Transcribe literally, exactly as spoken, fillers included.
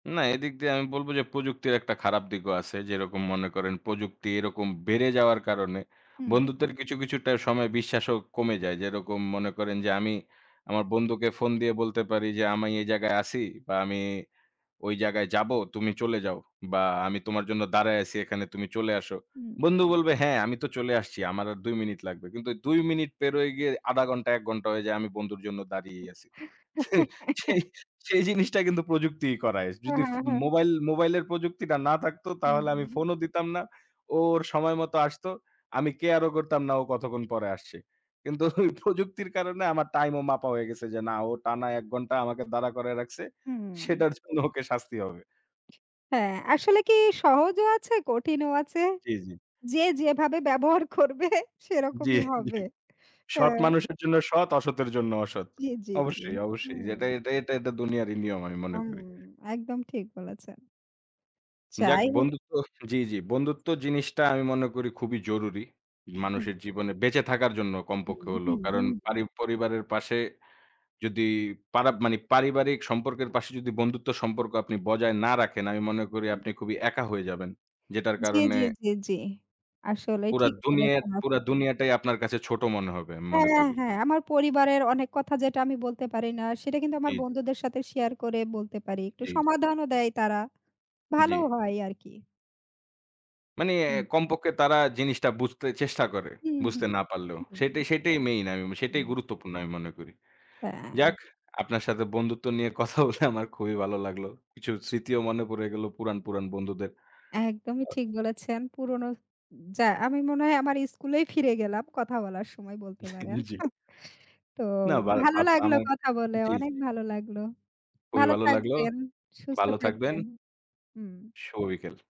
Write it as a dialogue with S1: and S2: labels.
S1: না, এদিক দিয়ে আমি বলবো যে প্রযুক্তির একটা খারাপ দিকও আছে। যেরকম মনে করেন প্রযুক্তি এরকম বেড়ে যাওয়ার কারণে
S2: হুম।
S1: বন্ধুত্বের কিছু, কিছুটা সময় বিশ্বাসও কমে যায়। যেরকম মনে করেন যে আমি আমার বন্ধুকে ফোন দিয়ে বলতে পারি যে, "আমি এই জায়গায় আছি বা আমি ওই জায়গায় যাবো, তুমি চলে যাও। বা আমি তোমার জন্য দাঁড়ায় আছি এখানে তুমি চলে আসো।"
S2: হুম।
S1: বন্ধু বলবে, "হ্যাঁ, আমি তো চলে আসছি। আমার আর দুই মিনিট লাগবে।" কিন্তু দুই মিনিট পেরোয় গিয়ে আধা ঘন্টা, এক ঘন্টা হয়ে যায় আমি বন্ধুর জন্য দাঁড়িয়েই আছি। সেই, সেই, সেই জিনিসটা কিন্তু প্রযুক্তিই করায়।
S2: হু,
S1: যদি ফ
S2: হু, হু।
S1: মোবাইল মোবাইলের প্রযুক্তিটা না থাকতো তাহলে আমি
S2: হুম।
S1: ফোনও দিতাম না। ও ওর সময় মতো আসতো। আমি care ও করতাম না ও কতক্ষণ পরে আসছে। কিন্তু ওই প্রযুক্তির কারণে আমার টাইমও মাপা হয়ে গেছে যে না ও টানা এক ঘন্টা আমাকে দাঁড়া করায় রাখছে।
S2: হু।
S1: সেটার জন্য ওকে শাস্তি হবে।
S2: হ্যাঁ, আসলে কি সহজও আছে, কঠিনও আছে।
S1: জ্বী, জ্বী।
S2: যে যেভাবে ব্যবহার করবে
S1: জ্বী,
S2: সেরকমই হবে।
S1: জ্বী। সৎ
S2: হ্যাঁ।
S1: মানুষের জন্য সৎ, অসতের জন্য অসৎ।
S2: জ্বী, জ্বী, জ্বী।
S1: অবশ্যই,
S2: হু।
S1: অবশ্যই। যেটা এটা এটা এটা এটা দুনিয়ারই নিয়ম আমি মনে
S2: হুম,
S1: করি।
S2: একদম ঠিক বলেছেন।
S1: যাক,
S2: যাই হোক।
S1: বন্ধুত্ব জ্বি, জ্বি। বন্ধুত্ব জিনিসটা আমি মনে করি খুবই জরুরি। মানুষের জীবনে বেঁচে থাকার জন্য কমপক্ষে
S2: হুম,
S1: হলেও।
S2: হুম,
S1: কারণ
S2: হুম।
S1: পারি পরিবারের পাশে যদি পারা মানি পারিবারিক সম্পর্কের পাশে যদি বন্ধুত্ব সম্পর্ক আপনি বজায় না রাখেন আমি মনে করি
S2: হুম।
S1: আপনি খুবই একা হয়ে যাবেন। যেটার
S2: জ্বি,
S1: কারণে
S2: জ্বি, জ্বি, জ্বি। আসলে
S1: পুরা
S2: ঠিক
S1: দুনিয়াট
S2: বলেছেন
S1: পুরা
S2: আপনি।
S1: দুনিয়াটাই আপনার কাছে ছোট মনে হবে আমি মনে
S2: হ্যাঁ,
S1: করি।
S2: হ্যাঁ, আমার পরিবারের অনেক কথা যেটা আমি বলতে পারি না সেটা কিন্তু আমার
S1: জ্বী, জ্বী।
S2: বন্ধুদের সাথে শেয়ার করে বলতে পারি। একটু
S1: জ্বী, জ্বী।
S2: সমাধানও দেয় তারা।
S1: জ্বি।
S2: ভালোও হয় আরকি।
S1: মানি এ
S2: হুম।
S1: কমপক্ষে তারা জিনিসটা বুঝতে চেষ্টা করে।
S2: হু, হু।
S1: বুঝতে না পারলেও।
S2: হু।
S1: সেটাই, সেটাই মেইন, আমি সেটাই
S2: হুম।
S1: গুরুত্বপূর্ণ আমি মনে করি।
S2: হ্যাঁ।
S1: যাক, আপনার সাথে বন্ধুত্ব নিয়ে কথা বলে আমার খুবই ভালো লাগলো। কিছু স্মৃতিও মনে পড়ে গেল পুরাণ, পুরাণ বন্ধুদের।
S2: একদমই
S1: ও
S2: ঠিক বলেছেন। পুরনো স যা আমি মনে হয় আমার স্কুলেই ফিরে গেলাম। কথা বলার সময় বলতে পারেন।
S1: জী।
S2: তো
S1: না বারা
S2: ভালো
S1: বাপ
S2: লাগলো
S1: আমার
S2: কথা বলে।
S1: জ্বি,
S2: অনেক
S1: জ্বি।
S2: ভালো লাগলো।
S1: খুবই
S2: ভালো
S1: ভালো লাগল।
S2: থাকবেন, সুস্থ
S1: ভালো থাকবেন।
S2: থাকবেন। হুম।
S1: শুভ বিকেল।